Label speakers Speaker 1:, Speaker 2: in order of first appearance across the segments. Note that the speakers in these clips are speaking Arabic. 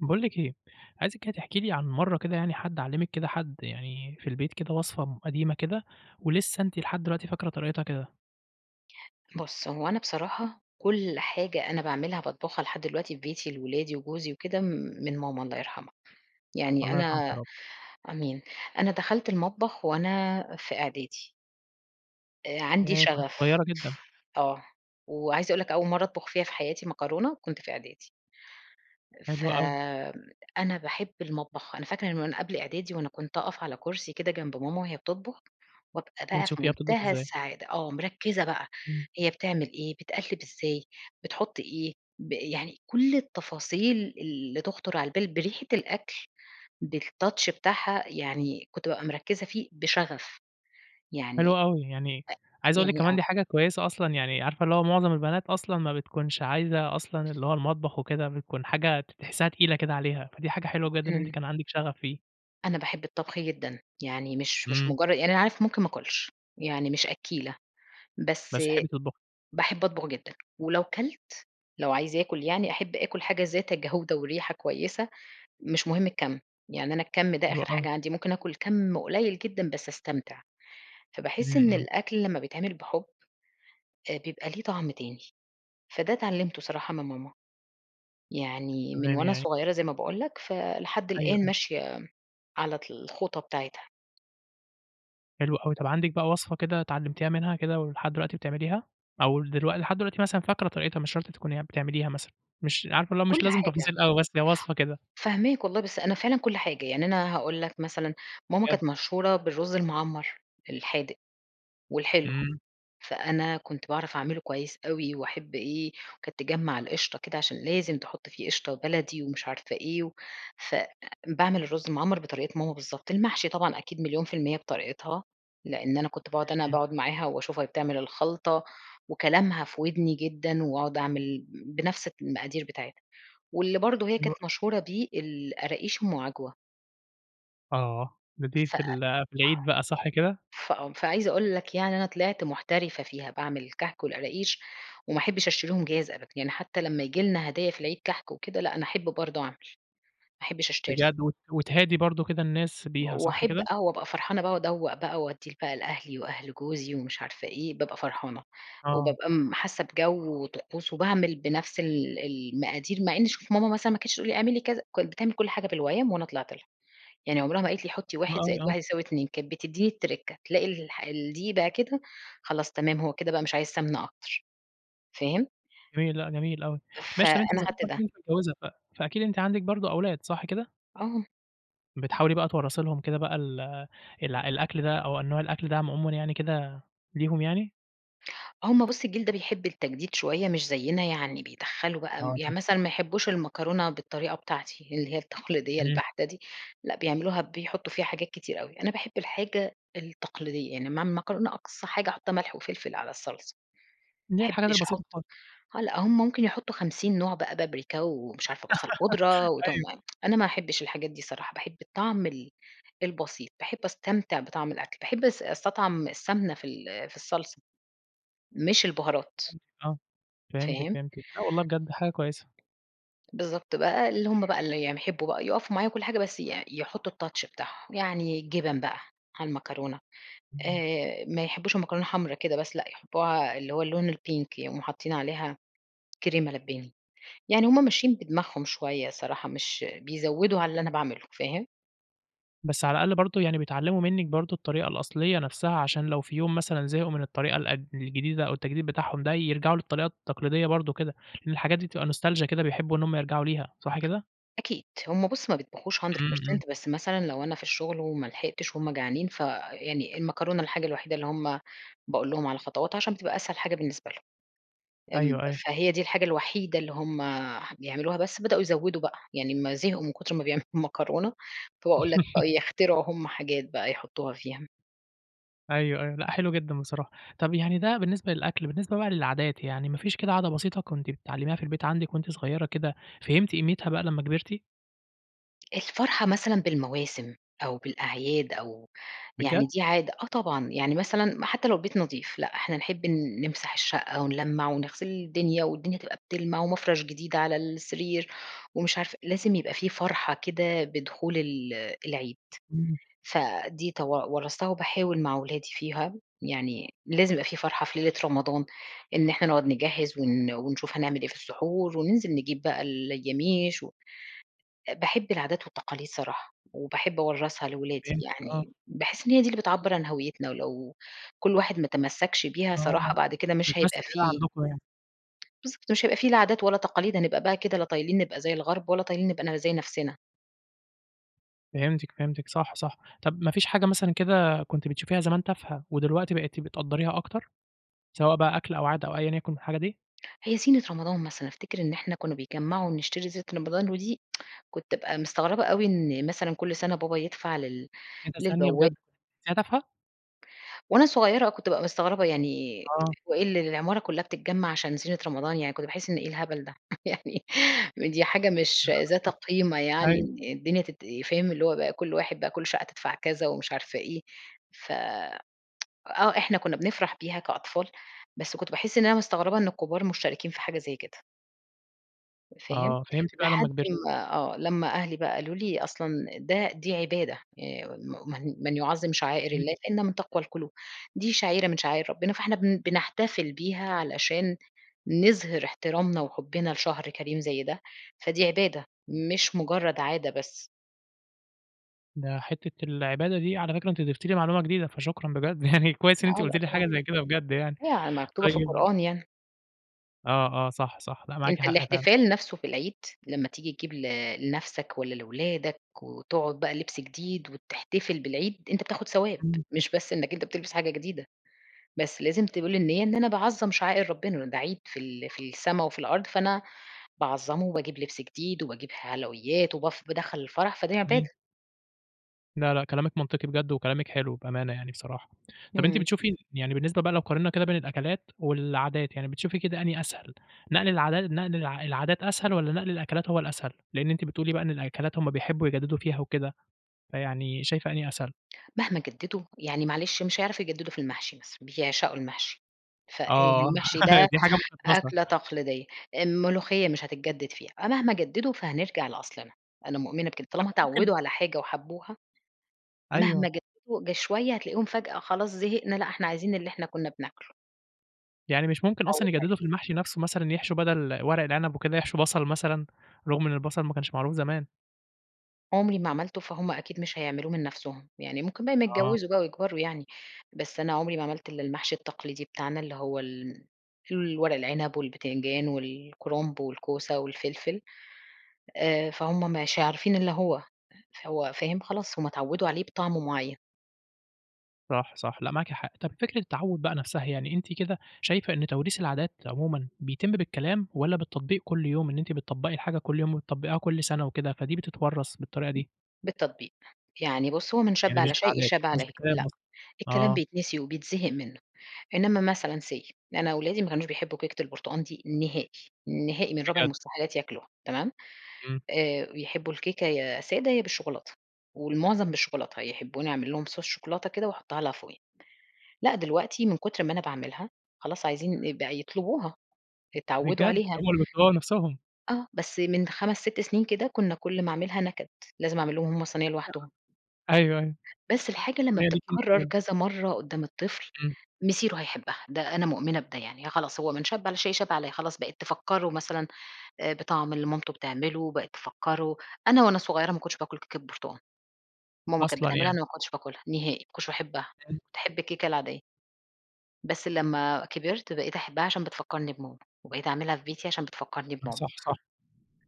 Speaker 1: باقول لِك إيه، عايزِك كده تحكي لي عن مَرّة كده يعني حد علّمِك كده حد يعني في البيت كده وصفة م قديمة كده، ولسه أنتِ لحد دلوقتي فاكرة طريقتها كده.
Speaker 2: بُصّ، هو أنا بصراحة كُلّ حاجة أنا باعملها باطبخها لحد دلوقتي في بيتي لولادي وجوزي وكده، من ماما الله يرحمها، يعني
Speaker 1: الله يرحمها يا
Speaker 2: أنا-
Speaker 1: رب.
Speaker 2: آمين- أنا دخلت المطبخ وأنا في إعدادي. آآ، عندي
Speaker 1: ياه، كنتِ
Speaker 2: شغف.
Speaker 1: صغيرة جدًا!
Speaker 2: آه. وعايزة أقول لك أول مَرّة أطبخ فيها في حياتي مكرونة كنت في إعدادي.
Speaker 1: حلو اوي.
Speaker 2: فأنا باحب المطبخ، أنا فاكرة إن من وأنا قبل إعدادي وأنا كنت أقف على كرسي كده جنب ماما وهي بتطبخ، وأبقى بقى في
Speaker 1: وتشوفيها بتطبخ
Speaker 2: منتهى
Speaker 1: إزاي.
Speaker 2: السعادة، آه، مركزة بقى
Speaker 1: امم.
Speaker 2: هي بتعمل إيه، بتقلّب إزاي، بتحط إيه، ب يعني كُلّ التفاصيل اللي تخطر على البال، بريحة الأكْل، بالtouch بتاعها، يعني كنت بابقى مركزة فيه بشغف، يعني
Speaker 1: حلو اوي، يعني عايز
Speaker 2: أ
Speaker 1: أقول لِك
Speaker 2: يعني
Speaker 1: كمان
Speaker 2: آه.
Speaker 1: دي حاجة كويسة أصلًا يعني عارفة اللي هو معظم البنات أصلًا ما بتكونش عايزة أصلًا اللي هو المطبخ وكده، بتكون حاجة ت تحسّها تقيلة كده عليها، فدي حاجة حلوة جدًا إن أنتِ
Speaker 2: امم.
Speaker 1: كان عندك شغف فيه.
Speaker 2: أنا باحب الطبخ جدًا، يعني مش مش
Speaker 1: إمم.
Speaker 2: مجر يعني أنا عارف ممكن ما آكلش، يعني مش أكّيلة، بس
Speaker 1: بس تحبي تطبخي.
Speaker 2: باحب أطبخ جدًا، ولو كلت لو عايزة آكل يعني أحب آكل حاجة ذات جودة وريحة كويسة، مش مهم الكَم، يعني أنا الكَم ده
Speaker 1: حلو
Speaker 2: آخر
Speaker 1: أوي.
Speaker 2: حاجة عندي، ممكن آكل كَم قليّل جدًا بس أستمتع، فباحس
Speaker 1: إمم
Speaker 2: إن
Speaker 1: إمم.
Speaker 2: الأكل لمّا بيتعمل بحُب آآ، بيبقى ليه طعم تاني، فده اتعلمته صراحة من ماما، يعني من
Speaker 1: تمام
Speaker 2: وأنا
Speaker 1: يعني
Speaker 2: صغيرة زي ما باقول لك فلحد
Speaker 1: أيوه
Speaker 2: الآن
Speaker 1: أيوه.
Speaker 2: ماشية على طل الخطى بتاعتها.
Speaker 1: حلو أوي. طب عندِك بقى وصفة كده اتعلمتيها منها كده ولحد دلوقتي بتعمليها، أو دلوق لحد دلوقتي مثلًا فاكرة طريقتها مش شرط تكوني بتعمليها مثلًا، مش عارفة اللي هو
Speaker 2: كُلّ
Speaker 1: مش لازم
Speaker 2: حاجة.
Speaker 1: تفاصيل أوي، بس هي وصفة كده؟
Speaker 2: فاهماك والله، بس أنا فعلًا كُلّ حاجة، يعني أنا هاقول لك مثلًا ماما
Speaker 1: بجد؟
Speaker 2: كانت مشهورة بالرز المعمَر الحادق والحلو،
Speaker 1: إمم.
Speaker 2: فأنا كنت باعرف أعمله كويس أوي واحب إيه، وكانت تجمع القشطة كده عشان لازم تحط فيه قشطة بلدي ومش عارفة إيه، فباعمل الرز المعمَر بطريقة ماما بالضبط، المحشي طبعًا أكيد مليون في المِيّة بطريقتها، لأن أنا كنت باقعد
Speaker 1: إمم
Speaker 2: أنا
Speaker 1: إمم.
Speaker 2: باقعد معاها واشوفها وهي بتعمل الخلطة، وكلامها في ودني جدًا، واقعد أعمل بنفس المقادير بتاعتها، واللي برضو هي
Speaker 1: حلو
Speaker 2: كانت
Speaker 1: أو
Speaker 2: مشهورة بيه القراقيش أم عجوة.
Speaker 1: آه، ده دي
Speaker 2: ف
Speaker 1: في ال في العيد بقى صح كده؟
Speaker 2: فآه، فعايزة أقول لك يعني أنا طلعت محترفة فيها، باعمل كحك والقراقيش، وما احبش أشتريهم جاهز أبدًا، يعني حتى لمّا ييجي لنا هدايا في العيد كحك وكده، لأ، أنا أحب برضو أعمل، ما أحبش أشتري.
Speaker 1: بجد! وت وتهادي برضو كده الناس بيها، صح
Speaker 2: واحب
Speaker 1: كده؟
Speaker 2: آه وأبقى فرحانة بقى وأدوّق بقى وادّي بقى لأهلي وأهل جوزي ومش عارفة إيه، بابقى فرحانة،
Speaker 1: آه.
Speaker 2: وبابقى م حاسة بجو وطقوس وباعمل بنفس ال المقادير، مع إن شوف ماما مثلًا ما كانتش تقول لي اعملي كذا، كانت بتعمل كُلّ حاجة بالويّم وأنا طلعت لها، يعني عمرها ما قالت لي حطي
Speaker 1: حلو
Speaker 2: 1 زائد
Speaker 1: أوي، آه.
Speaker 2: 1 يساوي 2 كانت بتديني التركة، تلاقي الح الدقيق بقى كده خلاص تمام، هو كده بقى مش عايز سمنة أكتر، فاهم؟
Speaker 1: جميل لأ، جميل أوي. ماشي طب أنتِ
Speaker 2: فأنا خدت
Speaker 1: ذكرتِ
Speaker 2: ده.
Speaker 1: إن أنتِ متجوزة ف فأكيد أنتِ عندِك برضو أولاد صح كده؟
Speaker 2: آه.
Speaker 1: بتحاولي بقى تورّثي لهم كده بقى ال الع الأكل ده أو نوع الأكل ده عمومًا يعني كده ليهم يعني؟
Speaker 2: هُم بُصّ الجيل ده بيحب التجديد شوية مش زينا، يعني بيدخّلوا بقى
Speaker 1: آه دي
Speaker 2: يعني مثلًا
Speaker 1: مشكلة.
Speaker 2: ما يحبوش المكرونة بالطريقة بتاعتي اللي هي التقليدية
Speaker 1: امم.
Speaker 2: البحتة دي، لأ، بيعملوها بيحطوا فيها حاجات كتير أوي، أنا باحب الحاجة التقليدية، يعني اما اعمل مكرونة أقصى حاجة أحطها ملح وفلفل على الصلصة،
Speaker 1: اللي
Speaker 2: ما
Speaker 1: هي الحاجات
Speaker 2: احبش
Speaker 1: البسيطة
Speaker 2: أحط
Speaker 1: خالص.
Speaker 2: آه لأ، هُم ممكن يحطوا 50 نوع بقى، بابريكا ومش عارفة بصل بودرة وتوم
Speaker 1: أيوه.
Speaker 2: أنا ما احبش الحاجات دي صراحة، باحب الطعم ال البسيط، باحب أستمتع بطعم الأكْل، باحب أس أستطعم السمنة في ال في الصلصة مش البهارات.
Speaker 1: فهمتِك آه، فهمتِك
Speaker 2: فاهم؟
Speaker 1: فهمتِك، لأ والله بجد حاجة كويسة.
Speaker 2: بالضبط بقى اللي هُم بقى اللي يحبوا بقى يقفوا معايا وكُلّ حاجة، بس ي يحطوا الtouch بتاعهم، يعني الجبن بقى على المكرونة،
Speaker 1: امم.
Speaker 2: آآ، ما يحبوش المكرونة حمرا كده بس، لأ، يحبوها اللي هو اللون الPink يقوموا حاطين عليها كريمة لباني، يعني هُم ماشيين بدماغهم شوية الصراحة، مش بيزودوا على اللي أنا باعمله، فاهم؟
Speaker 1: بس على الأقل برضو يعني بيتعلموا منِك برضو الطريقة الأصلية نَفسها، عشان لو في يوم مثلًا زهقوا من الطريقة الق الجديدة أو التجديد بتاعهم ده، يرجعوا للطريقة التقليدية برضو كده، لأن الحاجات دي تبقى نوستالجيا كده، بيحبوا إن هُم يرجعوا ليها، صح كده؟
Speaker 2: أكيد، هُم بُصّ ما بيطبخوش hundred
Speaker 1: إمم، إمم.
Speaker 2: percent، بس مثلًا لو أنا في الشغل وما لحقتش وهُم جعانين، فيعني المكرونة الحاجة الوحيدة اللي هُم باقول لهم على خطواتها عشان بتبقى أسهل حاجة بالنسبة لهم، ام
Speaker 1: أيوه، أيوه.
Speaker 2: فهي دي الحاجة الوحيدة اللي هُم بيعملوها بس بدؤوا يزوّدوا بقى، يعني امّا زهقوا من كتر ما بيعملوا المكرونة، فباقول لك بقوا يخترعوا هُم حاجات بقى يحطوها فيها.
Speaker 1: أيوه أيوه، لأ حلو جدًا بصراحة. طب يعني ده بالنسبة للأكل، بالنسبة بقى للعادات يعني ما فيش كده عادة بسيطة كنت بتتعلميها في البيت عندك وأنتِ صغيرة كده فهمتِ قيمتها بقى لما كبرتِ؟
Speaker 2: الفرحة مثلًا بالمواسم أو بالأعياد أو يعني
Speaker 1: بجد؟
Speaker 2: دي عادة، آه طبعًا، يعني مثلًا م حتى لو البيت نضيف، لأ، إحنا نحب نمسح الشقة ونلمّع ونغسل الدنيا والدنيا تبقى بتلمع، ومفرش جديد على السرير، ومش عارفة لازم يبقى في فرحة كده بدخول ال العيد،
Speaker 1: إمم.
Speaker 2: فدي تو ورّثتها وباحاول مع ولادي فيها، يعني لازم يبقى في فرحة في ليلة رمضان إن إحنا نقعد نجهّز ون ونشوف هنعمل إيه في السحور، وننزل نجيب بقى الياميش، و باحب العادات والتقاليد صراحة، وباحب أورّثها لولادي
Speaker 1: فهمتك آه.
Speaker 2: يعني، باحس إن هي دي اللي بتعبّر عن هَويتنا، ولو كُلّ واحد ما تمسكّش بيها
Speaker 1: آه
Speaker 2: صراحة بعد كده مش هيبقى
Speaker 1: بتمثل [unintelligible]
Speaker 2: في
Speaker 1: عندكم يعني.
Speaker 2: بالضبط مش هيبقى في لا عادات ولا تقاليد هنبقى بقى كده لا طايلين نبقى زي الغرب ولا طايلين نبقى ن زي نَفسنا.
Speaker 1: فهمتِك، فهمتِك، صح صح. طب ما فيش حاجة مثلًا كده كنتِ بتشوفيها زمان تافهة ودلوقتي بقيتِ بتقدّريها أكتر، سواء بقى أكْل أو عادة أو أيًا يكن الحاجة دي؟
Speaker 2: هي زينة رمضان مثلًا، أفتكر إن إحنا كنا بيجمّعوا ونشتري زينة رمضان، ودي كنت أبقى مستغربة أوي إن مثلًا كُلّ سنة بابا يدفع لل
Speaker 1: إيه ده ثانية
Speaker 2: للبوا
Speaker 1: بجد، دي تافهة؟!
Speaker 2: وأنا صغيرة آه كنت بابقى مستغربة يعني
Speaker 1: آه.
Speaker 2: هو إيه ال العمارة كلّها بتتجمّع عشان زينة رمضان يعني كنت باحس إن إيه الهبل ده، يعني ودي حاجة مش ذات قيمة يعني
Speaker 1: أيوه.
Speaker 2: إن الدنيا تت فاهم، اللي هو بقى كُلّ واحد بقى كُلّ شقة تدفع كذا ومش عارفة إيه، ف آه، إحنا كنا بنفرح بيها كأطفال، بس كنت باحس إن أنا مستغربة إن الكبار مشتركين في حاجة زي كده. فاهم،
Speaker 1: آه، فهمتِ بقى لما
Speaker 2: لحد
Speaker 1: كبرتِ.
Speaker 2: ما آه لمّا أهلي بقى قالوا لي أصلًا ده دي عبادة آآ، "م من من يعظم شعائر
Speaker 1: إمم.
Speaker 2: الله فإنها من تقوى القلوب"، دي شعيرة من شعائر ربنا، فإحنا بن بنحتفل بيها علشان نظهِر احترامنا وحبنا لشهر كريم زي ده، فدي عبادة مش مجرد عادة بس.
Speaker 1: ده حتّة العبادة دي على فكرة أنتِ ضفتِ لي معلومة جديدة، فشكرًا بجد يعني كويّس إن
Speaker 2: لأ
Speaker 1: أنتِ قلتِ
Speaker 2: لأ
Speaker 1: لي
Speaker 2: طبعًا،
Speaker 1: حاجة زي كده بجد يعني،
Speaker 2: هي مكتوبة في
Speaker 1: طيّب
Speaker 2: القرآن يعني.
Speaker 1: آه، آه صح، صح لأ معاكِ
Speaker 2: أنت
Speaker 1: حق فعلًا.
Speaker 2: الاحتفال نفسه في العيد لمّا تيجي تجيب ل لنَفسك والّا لولادك وتقعد بقى لبس جديد وتحتفل بالعيد، أنت بتاخد ثواب،
Speaker 1: إمم.
Speaker 2: مش بس إنك أنت بتلبس حاجة جديدة، بس لازم تقول النِية إن أنا باعظّم شعائر ربنا، إنه ده عيد في ال في السما وفي الأرض فأنا باعظّمه، وباجيب لبس جديد وباجيب حلويات وبف بادخّل الفرح، فده
Speaker 1: إمم.
Speaker 2: عبادة.
Speaker 1: لأ، لأ، كلامِك منطقي بجد وكلامِك حلو بأمانة يعني بصراحة. طب أنتِ
Speaker 2: إمم.
Speaker 1: بتشوفي يعني بالنسبة بقى لو قارننا كده بين الأكلات والعادات، يعني بتشوفي كده أنهي أسهل، نقل العادا نقل العا العادات أسهل، والّا نقل الأكلات هو الأسهل؟ لأن أنتِ بتقولي بقى إن الأكلات هُم بيحبوا يجددوا فيها وكده، فيعني شايفة أنهي أسهل؟
Speaker 2: مهما جددوا يعني معلش مش هيعرفوا يجددوا في المحشي بس بيعشقوا المحشي،
Speaker 1: آه
Speaker 2: فالمحشي ده
Speaker 1: دي حاجة مقدسة.
Speaker 2: أكلة تقليدية، الملوخية مش هتتجدد فيها أ مهما جددوا، فهنرجع لأصلنا، أنا مؤمنة بكده،
Speaker 1: طب
Speaker 2: طالما
Speaker 1: ما ممكن
Speaker 2: اتعودوا على حاجة وحبوها، مهما
Speaker 1: أيوه.
Speaker 2: جددوا ده شوية هتلاقي هُم فجأة خلاص زهقنا، لأ إحنا عايزين اللي إحنا كنا بناكله.
Speaker 1: يعني مش ممكن أصلًا
Speaker 2: اتعودت
Speaker 1: يجددوا
Speaker 2: عليها.
Speaker 1: في المحشي نَفسه مثلًا، يحشوا بدل ورق العنب وكده، يحشوا بصل مثلًا، رغم إن البصل ما كانش معروف زمان؟
Speaker 2: عمري ما عملته، فهُم أكيد مش هيعملوه من نَفسهم، يعني ممكن بقى امّا
Speaker 1: آه.
Speaker 2: يتجوزوا بقى ويكبروا يعني، بس أنا عمري ما عملت إلا المحشي التقليدي بتاعنا اللي هو ال الورق العنب والبتنجان والكُرنب والكوسة والفلفل، آآ، فهُم مش عارفين اللي هو، هو فاهم خلاص، هُم اتعودوا عليه بطعم معين.
Speaker 1: صح صح، لأ، معاكِ حق. طب فكرة التعوّد بقى نَفسها، يعني أنتِ كده شايفة إن توريث العادات عمومًا بيتم بالكلام، والّا بالتطبيق كُلّ يوم إن أنتِ بتطبقي الحاجة كُلّ يوم وبتطبقيها كُلّ سنة وكده، فدي بتتورّث بالطريقة دي؟
Speaker 2: بالتطبيق، يعني بُصّ، هو "من شبّ
Speaker 1: يعني مش
Speaker 2: على شيء
Speaker 1: بالعادات
Speaker 2: شاب
Speaker 1: مش
Speaker 2: عليه"،
Speaker 1: بالكلام
Speaker 2: لأ،
Speaker 1: قصدي،
Speaker 2: الكلام
Speaker 1: آه.
Speaker 2: بيتنسي وبيتزهق منه، إنما مثلًا say أنا ولادي ما كانوش بيحبوا كيكة البرتقان دي نهائي، نهائي من رابع
Speaker 1: بجد؟
Speaker 2: المستحيلات ياكلوها تمام؟
Speaker 1: امم.
Speaker 2: آآ، بيحبوا الكيكة يا سادة يا بالشوكولاتة، والمعظم بالشوكولاتة، يحبوني أعمل لهم صوص شوكولاتة كده وأحطها لها فوقيها، لأ، دلوقتي من كتر ما أنا باعملها خلاص عايزين ي بقى يطلبوها، اتعودوا
Speaker 1: بجد!
Speaker 2: عليها.
Speaker 1: هم اللي بيطلبوها بنَفسهم.
Speaker 2: آه، بس من 5 6 سنين كده كنا كُلّ ما أعملها نكد، لازم أعمل لهم هُم صينية لوحدهم.
Speaker 1: [unintelligible] أيوه أيوه،
Speaker 2: بس الحاجة لمّا
Speaker 1: مالِك
Speaker 2: بتتكرر
Speaker 1: أنتِ [unintelligible]
Speaker 2: كذا مَرّة قدام الطفل
Speaker 1: امم.
Speaker 2: مصيره هيحبها، ده أنا مؤمنة بده يعني، خلاص هو من "شبّ على شيء شاب عليه"، خلاص بقيت تفكره مثلًا آآ، بطعم اللي مامته بتعمله، بقِت تفكره أنا وأنا صغيّرة ما كنتش باكل كيكة برتقان ماما كانت
Speaker 1: أصلًا
Speaker 2: بتعملها،
Speaker 1: يعني!
Speaker 2: أنا ما كنتش باكلها نهائي، ما كنتش باحبها،
Speaker 1: امم.
Speaker 2: كنت أحب الكيكة العادية. بس لما كبرت بقيت أحبها عشان بتفكرني بماما، وبقيت أعملها في بيتي عشان بتفكرني
Speaker 1: لا
Speaker 2: بماما.
Speaker 1: صح صح،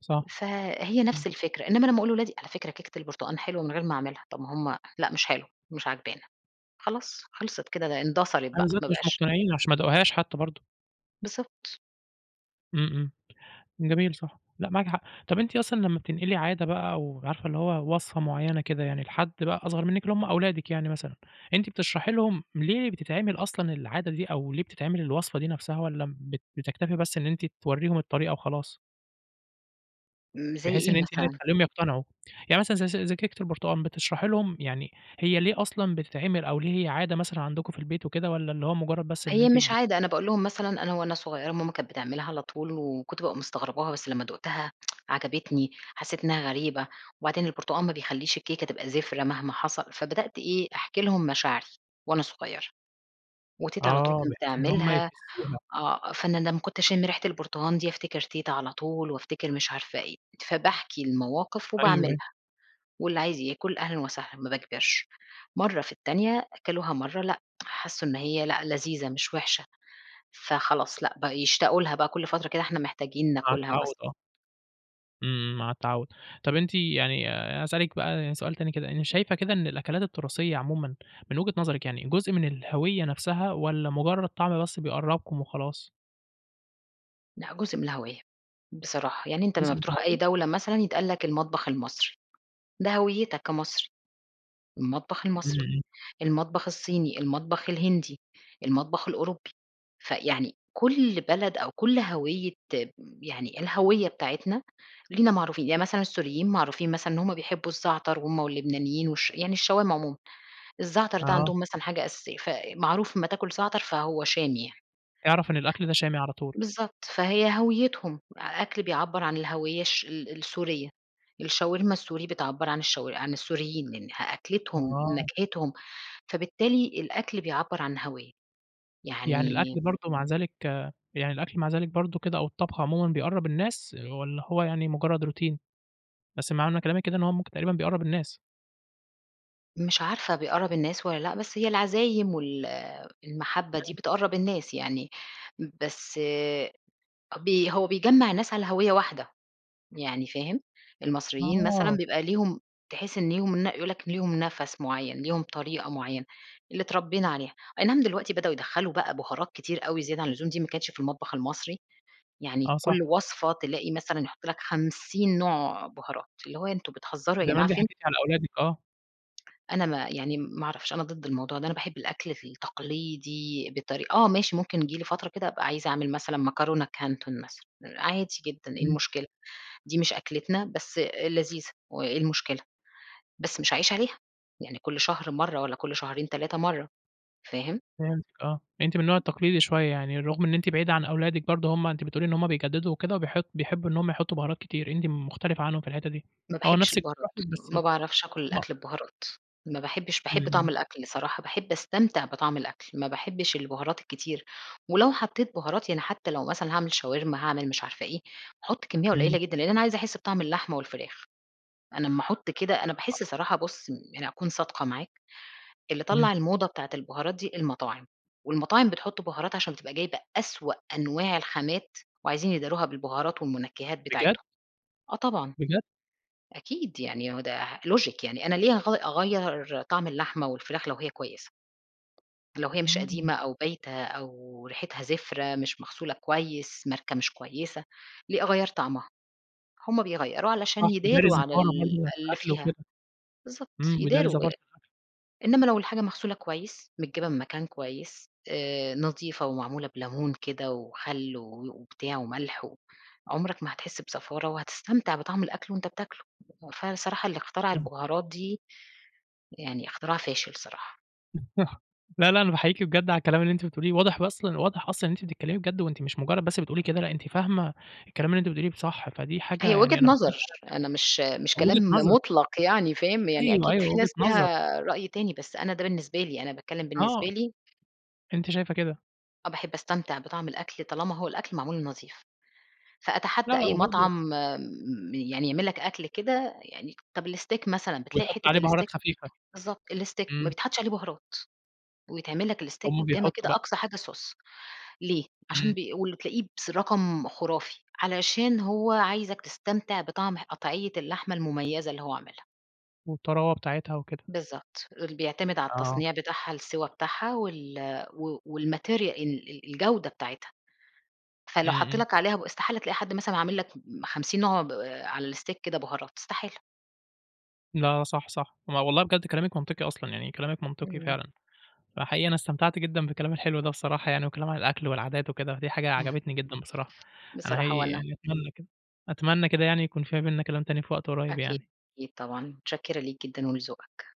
Speaker 1: صح،
Speaker 2: فَهي
Speaker 1: امم.
Speaker 2: نفس الفكرة، إنما لما أقول لولادي على فكرة كيكة البرتقان حلوة من غير ما اعملها، طب ما هُم لأ مش حلوة مش عاجبانا، خلاص خلصت كده د اندثرت
Speaker 1: أيوه
Speaker 2: بقى
Speaker 1: بالذات
Speaker 2: ما
Speaker 1: مش
Speaker 2: بقاش
Speaker 1: مقتنعين عشان ما داقوهاش حتى برضو.
Speaker 2: بالضبط
Speaker 1: امم امم، جميل، صح، لأ معاكِ حق. طب أنتِ أصلًا لمّا بتنقلي عادة بقى أو عارفة اللي هو وصفة معينة كده يعني لحد بقى أصغر منكِ اللي هُم أولادِك يعني مثلًا، أنتِ بتشرحي لهم ليه بتتعمل أصلًا العادة دي أو ليه بتتعمل الوصفة دي نفسها، والّا بت بتكتفي بس إن أنتِ تورّيهم الطريقة وخلاص؟
Speaker 2: امم زي
Speaker 1: بحيث إن
Speaker 2: إيه
Speaker 1: أنتِ يعني
Speaker 2: مثلًا؟
Speaker 1: تخليهم يقتنعوا، يعني مثلًا ز ز زي كيكة البرتقال بتشرحي لهم يعني هي ليه أصلًا بتتعمل، أو ليه هي عادة مثلًا عندكم في البيت وكده، والّا اللي هو مجرد بس إن
Speaker 2: هي
Speaker 1: أنتِ
Speaker 2: مش
Speaker 1: بت
Speaker 2: عادة، أنا باقول لهم
Speaker 1: [unintelligible]
Speaker 2: مثلًا أنا وأنا صغيرة ماما كانت بتعملها على طول وكنت بابقى مستغرباها، بس لمّا دُقتها عجبتني، حسيت إنها غريبة، وبعدين البرتقال ما بيخلّيش الكيكة تبقى زفرة مهما حصل، فبدأت إيه أحكي لهم مشاعري وأنا صغيرة، وتيتة على طول
Speaker 1: آه،
Speaker 2: كانت
Speaker 1: بحيث إن هم
Speaker 2: بتعملها،
Speaker 1: يحسوها.
Speaker 2: آه، فأنا لمّا كنت أشم ريحة البرتقال دي أفتكر تيتة على طول وأفتكر مش عارفة إيه، فباحكي المواقف
Speaker 1: أيوه أيوه.
Speaker 2: وباعملها، واللي عايز ياكل أهلًا وسهلًا، ما باجبرش، مَرّة في التانية أكلوها مَرّة، لأ، حسوا إن هي لأ لذيذة مش وحشة، فخلاص لأ بقوا يشتاقوا لها بقى كُلّ فترة كده، إحنا محتاجين
Speaker 1: مع
Speaker 2: ناكلها
Speaker 1: التعود
Speaker 2: مثلًا.
Speaker 1: آه. إمم مع التعوّد. طَب أنتِ يعني، أنا هاسألِك بقى سؤال تاني كده، أنتِ شايفة كده إن الأكلات التراثية عمومًا من وجهة نظرِك يعني، جُزء من الهوية نفسها؟ والّا مُجرد طعم بس بيقربكُم وخلاص؟
Speaker 2: لأ، جزء من الهَوية بصراحة. يعني أنت لمّا
Speaker 1: جُزء من
Speaker 2: بتروح أي
Speaker 1: الهوية؟
Speaker 2: دولة مثلًا يتقال لك المطبخ المصري. ده هَويتك كمصري. المطبخ المصري،
Speaker 1: إمم.
Speaker 2: المطبخ الصيني، المطبخ الهندي، المطبخ الأوروبي، فيعني كل بلد أو كل هَوية م يعني الهَوية بتاعتنا لينا معروفين يعني مثلًا السوريين معروفين مثلًا إن هُم بيحبوا الزعتر، هُم واللبنانيين، والش يعني الشوام عمومًا. الزعتر ده
Speaker 1: آه.
Speaker 2: عندهم مثلًا حاجة أساسية، ف معروف أمّا تاكل زعتر فهو شامي يعني.
Speaker 1: اعرَف إن الأكل ده شامي، على طول.
Speaker 2: بالضبط. فهي هَويتهم، أ أكل بيعبر عن الهَوية الش ال السورية. الشاوِرما السوري بتعبر عن الشو عن السوريين، من ه أكلتهم،
Speaker 1: أها.
Speaker 2: نكهتهم، فبالتالي الأكل بيعبر عن هَوية.
Speaker 1: يعني
Speaker 2: يعني
Speaker 1: الأكل برضه مع ذلك يعني الأكل مع ذلك برضه كده، أو الطبخ عمومًا بيقرب الناس، والّا هو يعني مُجرد روتين؟ بس معنى كلامِك كده إن هو مُمكن تقريبًا بيقرب الناس.
Speaker 2: مش عارفة بيقرّب الناس والّا لأ، بس هي العزايم وال المحبة دي
Speaker 1: تمام.
Speaker 2: بتقرّب الناس يعني، بس ب هو بيجمّع الناس على هَوية واحدة، يعني فاهم؟ المصريين مثلًا
Speaker 1: آه.
Speaker 2: بيبقى ليهم تحس إن ليهم ن يقول لك ليهم نَفَس معيّن، ليهم طريقة معيّنة اللي اتربينا عليها، أي نعم دلوقتي بدؤوا يدخّلوا بقى بهارات كتير أوي زيادة عن اللزوم، دي ما كانتش في المطبخ المصري، يعني
Speaker 1: آه صح.
Speaker 2: كُلّ وصفة تلاقي مثلًا يحط لك خمسين نوع بهارات، اللي هو أنتم بتهزروا يا
Speaker 1: زمان
Speaker 2: جماعة،
Speaker 1: دي
Speaker 2: فين
Speaker 1: [unintelligible] على أولادِك آه.
Speaker 2: أنا ما يعني ما اعرفش أنا ضد الموضوع ده، أنا باحب الأكْل التقليدي بطري آه ماشي ممكن تيجي لي فترة كده أبقى عايزة أعمل مثلًا مكرونة كانتون مثلًا عادي جدًا، إيه
Speaker 1: امم.
Speaker 2: المشكلة؟ دي مش أكلتنا بس لذيذة وإيه المشكلة، بس مش هاعيش عليها، يعني كُلّ شهر مَرّة والّا كُلّ شهرين 3 مَرّة، فاهم؟
Speaker 1: فهمتِك، آه، أنتِ من النوع التقليدي شوية يعني، رُغم إن أنتِ بعيدة عن أولادِك برضو هُم أنتِ بتقولي إن هُم بيجددوا وكده وبيحط بيحبوا إن هُم يحطوا بهارات كتير، أنتِ م مختلفة عنهم في الحتة دي،
Speaker 2: ما
Speaker 1: آه،
Speaker 2: باحبش
Speaker 1: نَفسِك
Speaker 2: البهارات،
Speaker 1: بتروح لك بس
Speaker 2: ما باعرفش آكل
Speaker 1: آه.
Speaker 2: الأكْل ببهارات، ما باحبش
Speaker 1: امم
Speaker 2: باحب طعم
Speaker 1: امم.
Speaker 2: الأكْل صراحة، باحب أستمتع بطعم الأكْل، ما باحبش البهارات الكتير، ولو حطيت بهارات يعني حتى لو مثلًا هاعمل شاورما، هاعمل مش عارفة إيه، هاحط كمية قليلة
Speaker 1: امم.
Speaker 2: جدًا لأن أنا عايزة أحس بطعم اللحمة والفراخ. أنا امّا أحط كده أنا
Speaker 1: [unintelligible]
Speaker 2: باحس صراحة بُصّ، م يعني أكون صادقة معاك، اللي
Speaker 1: امم.
Speaker 2: طلّع الموضة بتاعة البهارات دي المطاعم، والمطاعم بتحط بهارات عشان تبقى جايبة أسوأ أنواع الخامات وعايزين يداروها بالبهارات والمنكّهات
Speaker 1: بجدّ!
Speaker 2: بتاعتهم، آه طبعًا.
Speaker 1: بجدّ!
Speaker 2: أكيد يعني هو ده لوجك يعني أنا ليه هاغ أغيّر طعم اللحمة والفراخ لو هي كويسة؟! لو هي مش
Speaker 1: آه.
Speaker 2: قديمة أو بايتة أو ريحتها زفرة، مش مغسولة كويس، ماركة مش كويسة، ليه أغيّر طعمها؟ هُم بيغيروا علشان
Speaker 1: صح بيداري
Speaker 2: يداروا على
Speaker 1: الزفارة بردو
Speaker 2: ال
Speaker 1: بتاعة
Speaker 2: اللي
Speaker 1: الأكل
Speaker 2: فيها.
Speaker 1: وكده.
Speaker 2: بالضبط،
Speaker 1: امم بيداري
Speaker 2: يداروا
Speaker 1: زفارة
Speaker 2: آآ،
Speaker 1: الأكل.
Speaker 2: إنما لو الحاجة مغسولة كويس، متجابه من مكان كويس، آآ، نضيفة ومعمولة بلمون كده وخل و وبتاع وملح و عمرك ما هتحس بزفارة، وهتستمتع بطعم الأكْل وأنت بتاكله، وفعلًا الصراحة اللي اخترع
Speaker 1: امم.
Speaker 2: البهارات دي، يعني اخترع فاشل الصراحة.
Speaker 1: [unintelligible] صح. لا، لا. أنا باحييكِ بجد على الكلام اللي أنتِ بتقوليه. واضح أصلًا واضح أصلًا إن أنتِ بتتكلّمي بجد وأنتِ مش مُجرّد بس بتقولي كده، لأ أنتِ فاهمة الكلام اللي أنتِ بتقوليه ب صح. فدي حاجة
Speaker 2: هي وجهة
Speaker 1: يعني أنا باحييكِ
Speaker 2: نظر.
Speaker 1: عليها
Speaker 2: أنا مش مش
Speaker 1: بجد. وجهة
Speaker 2: كلام
Speaker 1: نظر.
Speaker 2: مُطلق يعني فاهم؟ يعني
Speaker 1: أيوه،
Speaker 2: أكيد
Speaker 1: أيوه.
Speaker 2: في
Speaker 1: وجهة
Speaker 2: ناس
Speaker 1: نظر.
Speaker 2: ليها رأي تاني. بس أنا ده بالنسبة لي، أنا باتكلّم بالنسبة
Speaker 1: آه.
Speaker 2: لي
Speaker 1: أنتِ شايفة كده.
Speaker 2: آه. باحب أستمتع بطعم الأكل طالما هو الأكل معمول نضيف.
Speaker 1: لا،
Speaker 2: فأتحدّى
Speaker 1: لا.
Speaker 2: أي
Speaker 1: وبرضه
Speaker 2: مطعم م يعني يعمل لك أكل كده يعني طب الsteak مثلًا، بتلاقي
Speaker 1: ويحُط عليه
Speaker 2: حتّة
Speaker 1: بُهارات
Speaker 2: الsteak
Speaker 1: خفيفة.
Speaker 2: بالضبط. الsteak ما
Speaker 1: إمم.
Speaker 2: بيتحطّش عليه بُهارات. ويتعمل لك الsteak
Speaker 1: هم
Speaker 2: قدامك
Speaker 1: بيحطُّوا
Speaker 2: كده
Speaker 1: بقى.
Speaker 2: أقصى حاجة صوص. ليه؟ عشان
Speaker 1: إمم.
Speaker 2: بي والللي تلاقيه بس رقم خُرافي. علشان هو عايزك تستمتع بطعم قطعيّة اللحمة المميزة اللي هو عاملها.
Speaker 1: والطراوة بتاعتها وكده.
Speaker 2: بالضبط. ال بيعتمد على
Speaker 1: آه.
Speaker 2: التصنيع بتاعها، السوى بتاعها وال و والmaterial ال ال الجودة بتاعتها. فلو
Speaker 1: إمم،
Speaker 2: حَط
Speaker 1: إمم.
Speaker 2: لك عليها ب استحالة تلاقي حد مثلًا عامل لك م 50 نوع ب على الsteak كده بُهارات استحالة.
Speaker 1: لا صح، صح. ما والله بجد كلامك منطقي أصلًا. يعني كلامك منطقي
Speaker 2: إمم.
Speaker 1: فعلًا. فحقيقي أنا استمتعت جدًا بالكلام الحلو ده بصراحة يعني وكلام عن الأكل والعادات وكده. دي حاجة
Speaker 2: إمم.
Speaker 1: عجبتني جدًا بصراحة. أنا
Speaker 2: بصراحة
Speaker 1: حقيقي
Speaker 2: وأنا.
Speaker 1: يعني أتمنى كده أتمنى كده يعني يكون في ما بيننا كلام تاني في وقت قُريّب
Speaker 2: أكيد،
Speaker 1: يعني.
Speaker 2: أكيد طبعًا. مُتشكِّرة ليك جدًا ولذوقك.